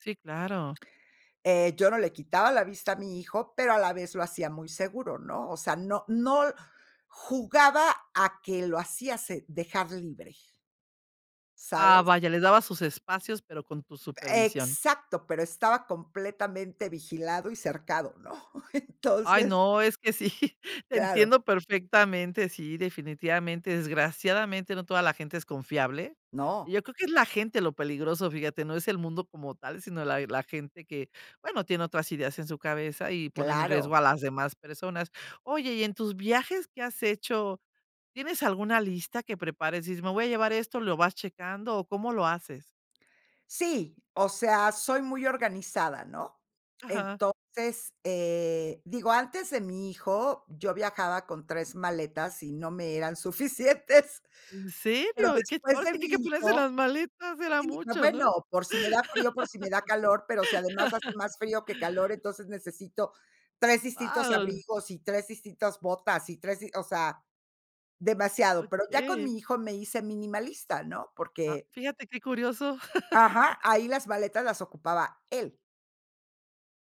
Sí, claro. Eh, yo no le quitaba la vista a mi hijo, pero a la vez lo hacía muy seguro, ¿no? O sea, no no l jugaba a que lo hacía se dejar libre Ah, ¿sabes? vaya, les dabas sus espacios, pero con tu supervisión. Exacto, pero estaba completamente vigilado y cercado, ¿no? Ay, Entonces no, es que sí, Claro. entiendo perfectamente, sí, definitivamente, desgraciadamente, no toda la gente es confiable. No. Yo creo que es la gente lo peligroso, fíjate, no es el mundo como tal, sino la la gente que, bueno, tiene otras ideas en su cabeza y ponen en riesgo Claro. a las demás personas, oye, y en tus viajes, ¿qué has hecho? ¿Tienes alguna lista que prepares? Dices: "Me voy a llevar esto", ¿lo vas checando? ¿O cómo lo haces? Sí, o sea, soy muy organizada, ¿no? Ajá. Entonces eh, digo, antes de mi hijo, yo viajaba con 3 maletas y no me eran suficientes, ¿En pero serio? Y que después ahora de sí que mi hay que ponerse las hijo maletas, era sí, mucho, ¿no? bueno, por si me da frío, por si me da calor, pero si además hace más frío que calor, entonces necesito 3 distintos Guau. abrigos y 3 distintas botas y 3 dis o sea, demasiado, pero ya con Okey. mi hijo me hice minimalista, ¿no? Ah, Porque fíjate qué curioso. ajá, ahí las maletas las ocupaba él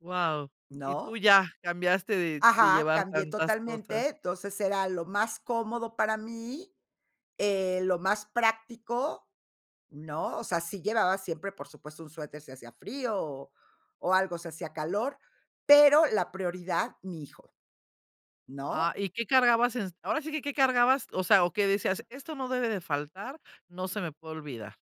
Guau, y tú ¿no? ya cambiaste de de Ajá, llevar cambié tantas cosas. totalmente, entonces era lo más cómodo para mí, eh, lo más práctico, ¿no? O sea, sí llevaba siempre, por supuesto, un suéter, si hacía frío, o o algo, si hacía calor, pero la prioridad, mi hijo, ¿no? Ah, ¿Y qué cargabas en? Ahora sí que, ¿qué cargabas? O sea, o qué decías: "Esto no debe de faltar, no se me puede olvidar"